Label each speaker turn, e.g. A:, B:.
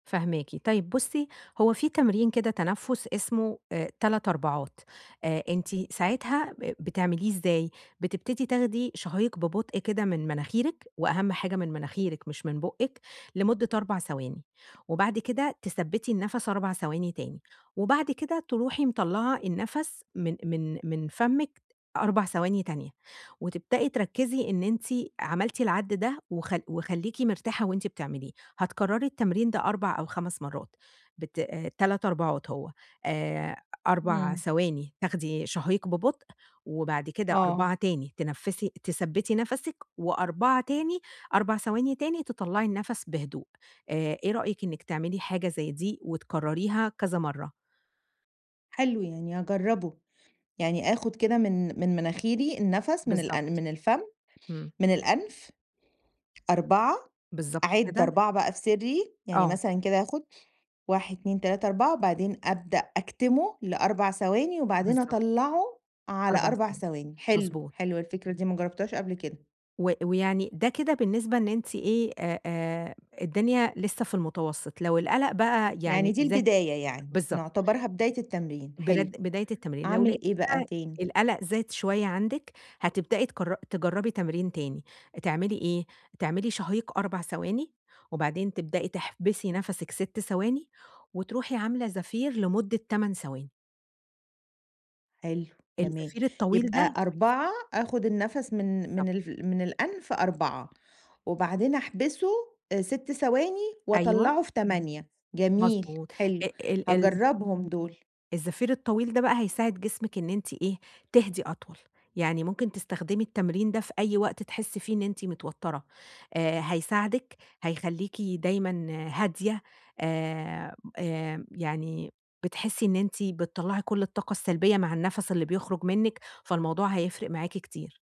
A: فاهماكِ. طيب بُصّي، هو في تمرين كده تنفس، اسمه آآ 3 أربعات، آآ أنتِ ساعتها، ب بتعمليه إزاي؟ بتبتدي تاخدي شهيق ببطء كده من مناخيرِك، وأهم حاجة من مناخيرِك، مش من بُقِّك، لمدة 4 ثواني، وبعد كده تثبّتي النفس 4 ثواني تاني، وبعد كده تروحي مطلعة النفس من من من فمِّك، 4 ثواني تانية، وتبدئي تركزي إن أنتِ عملتِ العد ده وخ وخليكي مرتاحة وانتِ بتعمليه، هتكرري التمرين ده 4 أو 5 مرات بت آآ، 3 أربعات هو، آآ، 4
B: إمم.
A: ثواني، تاخدي شهيق ببطء وبعد كده
B: آه.
A: 4 تاني، تنفّسي تثبّتي نَفَسِك و4 تاني، 4 ثواني تاني، تطلعي النَّفَس بهدوء. آآ، إيه رأيِك إنِّك تعملي حاجة زي دي وتكرريها كذا مرة؟
B: حلو، يعني هاجربه. يعني آخُد كده من من مناخيري النفس. من الأن
A: بالضبط.
B: من الفم
A: إمم.
B: من الأنف 4،
A: بالضبط
B: أعِد
A: كده.
B: 4 بقى في سري، يعني
A: آه.
B: مثلًا كده، آخُد 1، 2، 3، 4 وبعدين أبدأ أكتمه ل4 ثواني، وبعدين
A: بالضبط.
B: أطلعه على
A: 4
B: 4
A: ثواني،
B: ثواني. حلو،
A: مضبوط.
B: حلوة الفكرة دي، ما جربتهاش قبل كده.
A: و ويعني ده كده بالنسبة إن أنتِ إيه؟ آآ، آآ الدنيا لسه في المتوسط، لو القلق بقى
B: يعني
A: يعني
B: دي
A: زاد
B: البداية يعني.
A: بالضبط.
B: نعتبرها بداية التمرين.
A: بر
B: حلو.
A: بداية التمرين، لو لقيتِ
B: أعمل إيه بقى
A: بقى
B: تاني؟
A: القلق زاد شوية عندِك؛ هتبدئي تجر تجربي تمرين تاني. تعملي إيه؟ تعملي شهيق 4 ثواني، وبعدين تبدئي تحبسي نَفَسِك 6 ثواني، وتروحي عاملة زفير لمدة 8 ثواني.
B: حلو. جميل.
A: الزفير الطويل ده
B: يبقى 4
A: بيساعد
B: آخُد النفس من
A: بالضبط.
B: من الف من الأنف 4 وبعدين أحبسه، 6 ثواني،
A: أيوه.
B: وأطلعه في 8 جميل.
A: مضبوط.
B: حلو.
A: آآ ال ال
B: هاجربهم دول.
A: الزفير الطويل ده بقى، هيساعد جسمِك إن أنتِ إيه؟ تهدي أطول، يعني ممكن تستخدمي التمرين ده في أي وقت تحسي فيه إن أنتِ متوترة، آآ هيساعدِك، هيخليكِ دايمًا هادية، آآ، آآ، يعني بتحسي إن أنتِ بتطَّلعي كل الطاقة السلبية مع النَّفَس اللي بيخرج منِّك. فالموضوع هيفرِق معاكِ كتير.